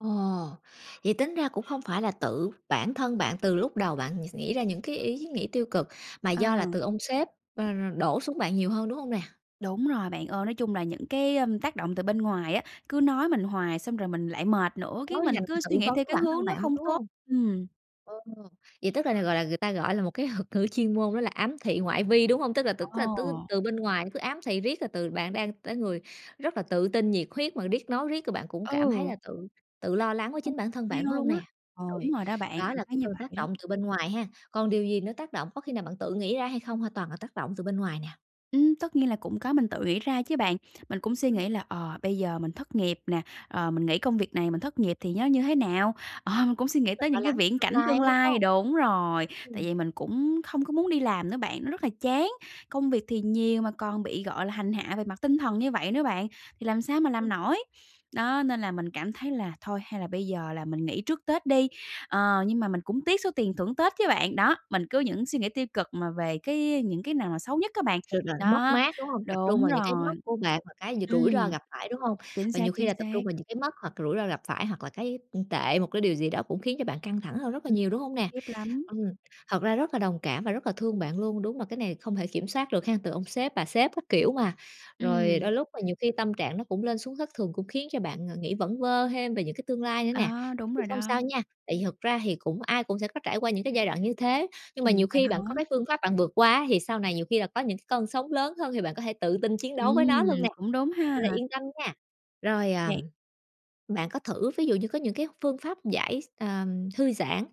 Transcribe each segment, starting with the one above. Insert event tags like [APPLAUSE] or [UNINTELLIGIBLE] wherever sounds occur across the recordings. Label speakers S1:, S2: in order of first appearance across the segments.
S1: Ồ, vậy tính ra cũng hông phải là tự bản thân bạn từ lúc đầu bạn s nghĩ ra những cái ý nghĩ tiêu cực, mà
S2: Ờ.
S1: do là từ ông sếp, ờ, ờ, đổ xuống bạn nhiều hơn, đúng hông nè?
S2: Đúng rồi bạn ơi, nói chung là những cái, a, tác động từ bên ngoài á, cứ nói mình hoài, xong rồi mình lại mệt nữa, cái
S1: Tối về
S2: mình
S1: bạn
S2: cứ
S1: tự
S2: suy nghĩ
S1: vấn
S2: theo
S1: với
S2: cái
S1: bản thân
S2: hướng nó
S1: bạn luôn,
S2: không
S1: đúng
S2: tốt.
S1: hông?
S2: Ừm.
S1: Ờ, vậy, tức là, gọi là, người ta, gọi là, một cái thuật ngữ chuyên môn đó là ám thị ngoại vi, đúng hông? Tức là tưởng là tư
S2: Ồ.
S1: từ bên ngoài nó cứ ám thị riết rồi từ bạn đang tới người rất là tự tin, nhiệt huyết mà riết, nói riết rồi bạn cũng cảm thấy
S2: Ừ.
S1: là tự tự lo lắng với
S2: Không
S1: chính bản thân bạn,
S2: theo
S1: đúng hông
S2: luôn á,
S1: nè? Ôi,
S2: đúng rồi đó bạn,
S1: đó
S2: cảm
S1: là
S2: thấy
S1: cái
S2: như
S1: từ tác
S2: vậy đó.
S1: động từ bên ngoài hen? Còn điều gì nữa tác động, có khi nào bạn tự nghĩ ra hay không? Hay là toàn là tác động từ bên ngoài nè?
S2: Ừm, tất nhiên là cũng có, mình tự nghĩ ra chứ bạn. Mình cũng suy
S1: Ừm.
S2: nghĩ là, ờ, bây giờ mình thất nghiệp nè, ờ, mình nghỉ công việc này mình thất nghiệp thì nó như thế nào? Ờ, mình cũng suy nghĩ
S1: [UNINTELLIGIBLE]
S2: tới
S1: Lo
S2: những cái
S1: lắng cho
S2: viễn
S1: tương
S2: cảnh
S1: lai
S2: tương
S1: ấy, đúng
S2: lai
S1: hông?
S2: đúng rồi, tại
S1: Ừm.
S2: vì mình cũng không có muốn đi làm nữa bạn, nó rất là chán. Công việc thì nhiều mà còn bị, gọi là, hành hạ về mặt tinh thần như vậy nữa bạn, thì làm sao mà
S1: Ưm.
S2: làm nổi? Đó, nên là mình cảm thấy là thôi, hay là bây giờ là mình nghỉ trước Tết đi, ờ, nhưng mà mình cũng tiếc số tiền thưởng Tết chứ bạn. Đó, mình cứ những suy nghĩ tiêu cực mà về cái những cái nào mà xấu nhất á bạn,
S1: [UNINTELLIGIBLE] Mất
S2: đó,
S1: mát, đúng hông? Tập trung
S2: đúng
S1: vào những cái mất
S2: rồi.
S1: của bạn và cái d rủi
S2: Ừm,
S1: ro gặp phải, đúng hông?
S2: chính
S1: Và
S2: xác,
S1: nhiều khi
S2: chính
S1: là tập
S2: xác.
S1: trung vào những cái mất hoặc rủi ro gặp phải, hoặc là cái, ưm, tệ, một cái điều gì đó cũng khiến cho bạn căng thẳng hơn rất là
S2: Ừm,
S1: nhiều, đúng hông
S2: khủng
S1: nè?
S2: khiếp lắm.
S1: Ừm, thật ra rất là đồng cảm và rất là thương bạn luôn, đúng mà cái này không thể kiểm soát được hén? Từ ông sếp, bà sếp các kiểu mà, rồi
S2: Ừm.
S1: đôi lúc mà nhiều khi tâm trạng nó cũng lên xuống thất thường, cũng khiến cho bạn, à, nghĩ vẩn vơ thêm về những cái tương lai nữa nè.
S2: Đó, đúng
S1: Thì
S2: rồi
S1: không
S2: đó.
S1: sao nha, tại vì thực ra thì cũng ai cũng sẽ có trải qua những cái giai đoạn như thế, nhưng mà
S2: Ừm,
S1: nhiều
S2: vậy
S1: khi bạn có
S2: hả?
S1: cái phương pháp bạn vượt qua ấy, thì sau này nhiều khi là có những cái cơn sóng lớn hơn, thì bạn có thể tự tin chiến đấu với nó luôn
S2: Ừm,
S1: nè,
S2: cũng đúng ha.
S1: nên là yên tâm nha. Rồi, à,
S2: Yeah.
S1: bạn có thử ví dụ như có những cái phương pháp giải x ờ, thư giãn,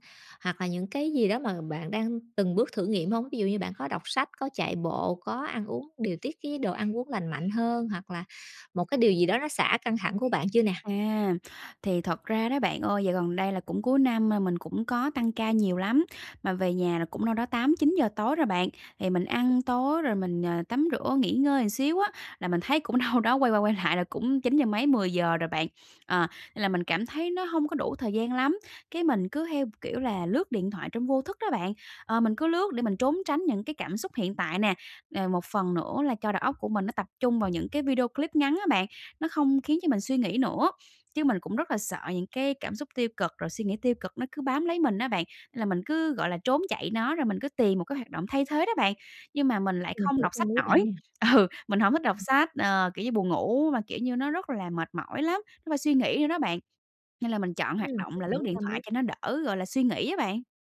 S1: hoặc là những cái gì đó mà bạn đang từng bước thử nghiệm hông? Ví dụ như bạn có đọc sách, có chạy bộ, có ăn uống, điều tiết cái đồ ăn uống lành mạnh hơn, hoặc là một cái điều gì đó nó xả căng thẳng của bạn chưa nè?
S2: À, thì thật ra đó bạn ơi, dạo gần đây là cũng cuối năm mà, mình cũng có tăng ca nhiều lắm, mà về nhà là cũng đâu đó 8:00-9:00 tối rồi bạn. Thì mình ăn tối rồi mình, ờ, tắm rửa nghỉ ngơi xíu á, là mình thấy cũng đâu đó quay qua quay lại là cũng chín giờ mấy, 10:00 rồi bạn. Ờ, nên là mình cảm thấy nó hông có đủ thời gian lắm, cái mình cứ theo, kiểu là, lướt điện thoại trong vô thức đó bạn, ờ, mình cứ lướt để mình trốn tránh những cái cảm xúc hiện tại nè. Nè, một phần nữa là cho đầu óc của mình, nó tập trung vào những cái video clip ngắn á bạn, nó không khiến cho mình suy nghĩ nữa. Chứ mình cũng rất là sợ những cái cảm xúc tiêu cực, rồi suy nghĩ tiêu cực nó cứ bám lấy mình á bạn, nên là mình cứ, gọi là, trốn chạy nó, rồi mình cứ tìm một cái hoạt động thay thế đó bạn. Nhưng mà mình lại
S1: Mình
S2: không
S1: hiểu
S2: đọc
S1: tâm
S2: sách
S1: lý bạn
S2: nổi,
S1: nè.
S2: ừ, mình hổng thích đọc sách. Ờ, kiểu như, buồn ngủ mà, kiểu như, nó rất là mệt mỏi lắm, nó phải suy nghĩ nữa đó bạn, nên là mình chọn
S1: Ừm,
S2: hoạt động
S1: mình
S2: là
S1: giữ
S2: lướt điện
S1: tâm
S2: thoại
S1: lý.
S2: cho nó đỡ, gọi là, suy nghĩ á bạn.